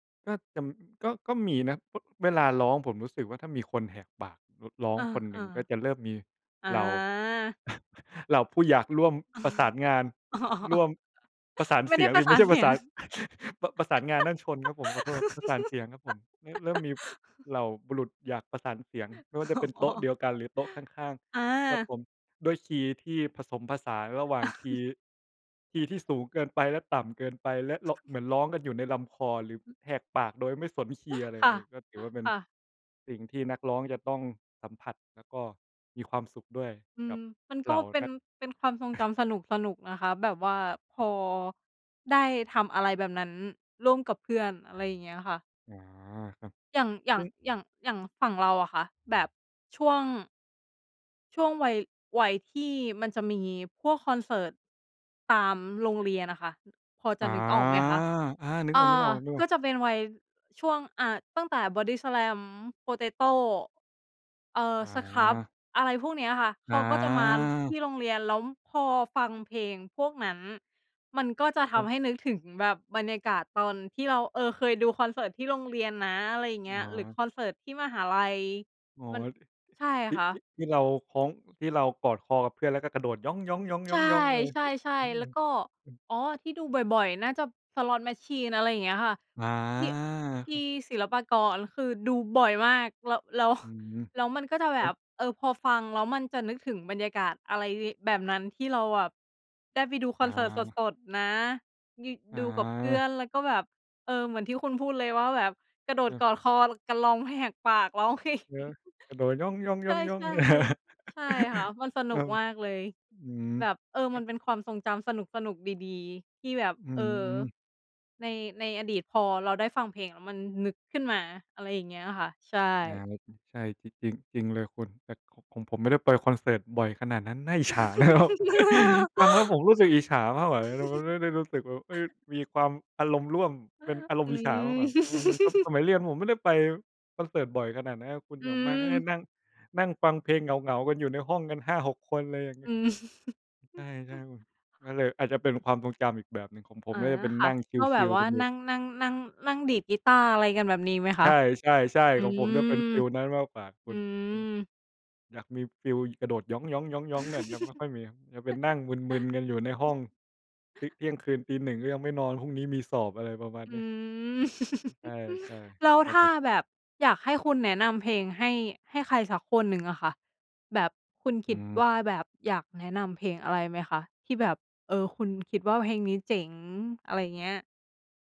ก็จะ ก็ ก็มีนะ อ เวลาร้องผมรู้สึกว่า ถ้ามีคนแหกปากระ ร้องอา คนหนอึ่า งก็จะเริ่มมีอา เหล่า เหล่าผู้อยากร่วมประสานงาน ร่วม ประสานไม่เสไีดย้งปรสิ ะ สไมา่ในช่เปสรีะสยง าน ประ ประสานงานนั่นชนครับผม ขอโทษ ประสานเสียงครับผม ร เริ่มมีเหล่าบุรุษอยากประสานเสียง ไม่ว่าอจะเป็นโต๋อ ๊ะเดียวกัน หรือโต๊ะข้าง อ้าว ๆ ครับอา ผม ด้วยคีย์ที่ผสมผสานระหว่างคีย์ คีย์ที่สูงเกินไปและต่ำเกินไป และ ร เหมือนร้องกันอยู่ในลำคอ หรือแหกปากโดยไม่สนคีย์อะไรค่เละ ย ก็ถือว่าเป็นค่ะ สิ่งที่นักร้องจะต้องสัมผัส แล้วก็มีความสุขด้วยอืกัม บมันกเ็หล่าเป็นน ัก เป็นความทรงจำสนุก ๆ นะคะ แบบว่าพอ ได้ทำอะไรแบบนั้นร่วมกับเพื่อน อะไรอย่างเงี้ยค่ะ อ๋อ ครับ อย่าง อย่ซาึง ่ง อย่าง อย่างฝั่งเราอะค่ะ แบบ ช่วง ช่วงวัย วัยที่มันจะมีพวกคอนเสิร์ตตามโรงเรียนอะค่ะ พอจอ๋ะอ นึกออกไหมคะ อา นึกออา อก ๆ กๆ ็จะเป็นวัย ช่วง อา ตั้งแต่ Bodyslam Potato เอ่อ อScrubb า อะไรพวกเนี้ยค่ะ เอขาก็จะมาทา ี่โรงเรียน แล้วพอฟังเพลงพวกนั้น มันก็จะทครับ ำให้นึกถึงแบบบรรยากาศ ตอนที่เรา เออ เคยดูคอนเสิร์ตที่โรงเรียนนะ อะไรอย่างเงอี้๋ย หรืออ คอนเสิร์ตที่มหาลัย อ๋อ มัน ใช่ที่ ค่ทีะ ่ ที่เราคล้อง ที่เรากอดคอกับเพื่อนแล้วก็กระโดดหยอง ๆ ใช่ ๆ ๆ ๆ ใช่ ใช่ เอแล้วก็ อ [unintelligible] อ๋อ ที่ดูบ่อย ๆ น่าจะ Slot Machine อะไรอย่างเงี้ยค่ะ อา ที่ ทคีรั่บ ศิลปากรคือดูบ่อยมาก แล้ว แล้ว อืม แล้วมันก็จะแแลบ้บ ว เออ พอฟังแล้วมันจะนึกถึงบรรยากาศอะไรแบบนั้น ที่เราแบบได้ไปดูคออนเสิร์ตา สด ๆ นะ นี่อดูกับเพื่อา นแล้วก็แบบ เออ เหมือนที่คุณพูดเลยว่าแบบกระโดคดรับ กอดคอกันร้องแหกปากร้อง เพลง เนาะ กระโดดหยอใชง ่ ๆ ๆ ๆ ๆ ใช่ค่ะ มันสนคุรักบ มากเลย อืม แบบ เออ ครมัันบ เป็นความทรงจำสนุก ๆ ดี ๆ ที่แบบ อืเออ ม ใน ในอดีตพอเราได้ฟังเพลงแล้วมันนึกขึ้นมา อะไรอย่างเงี้ยค่ะ ใช่ อา ใช่ จริง จริง จริงเลยคุณ แต่ ข ของผมไม่ได้ไปคอนเสิร์ตบ่อยขนาดนั้น น่าอิจฉานะ ครับ ฟังแล้วผมรู้สึกอิจฉามากกว่า แต่มันไม่ได้รู้สึกแบบ เฮ้ย มีความอารมณ์ร่วมเป็นอารอมณ์ือิจฉามากม กว่า [unintelligible] สมัยเรียนผมไม่ได้ไปคอนเสิร์ตบ่อยขนาดนั้นครับคุณ อือย่างมากก็ได้ม นั่ง นั่งฟังเพลงเหงา ๆ กันอยู่ในห้องกัน 5-6 คน อะไรอย่างเงีอ้ย ืม ใช่ ๆ คุณ ก็เลยอาจจะเป็นความทรงจำอีกแบบหนึ่ง ของผอม๋อ น่าจะเป็นค่นะ ั่งก็ชแบิบล วๆ ่กาันอยูน่ ั่ง นั่ง นั่ง นั่งดีดกีตาร์ อะไรกันแบบนี้ไหมใคชะ? ่ ๆ อืๆ ของผมม จะเป็นฟีลนั้นมากกว่าคอุืณ เออ ม อยากมีฟีลกระโดดหยอง ๆ ๆ ๆ แบบนั้นไม่ค่อยมี จะเป็นนั่งมึน ๆ กันอยู่ในห้อง ทิ เที่ยงคืนตีหนึ่งก็ยังไม่นอน พรุ่งนี้มีสอบ อะไรประมาณอนืี้ ม ใช่ ใช่ แล้วครัถบ้าผม แบบอยากให้คุณแนะนำเพลงให้ ให้ใครสักคนหนึ่งอะค่ะ แบบ คุณคอืิดม ว่าแบบอยากแนะนำเพลงอะไรไหมคะ ที่แบบ เออ คุณคิดว่าเพลงนี้เจ๋ง อะไรอย่างเงี้ย?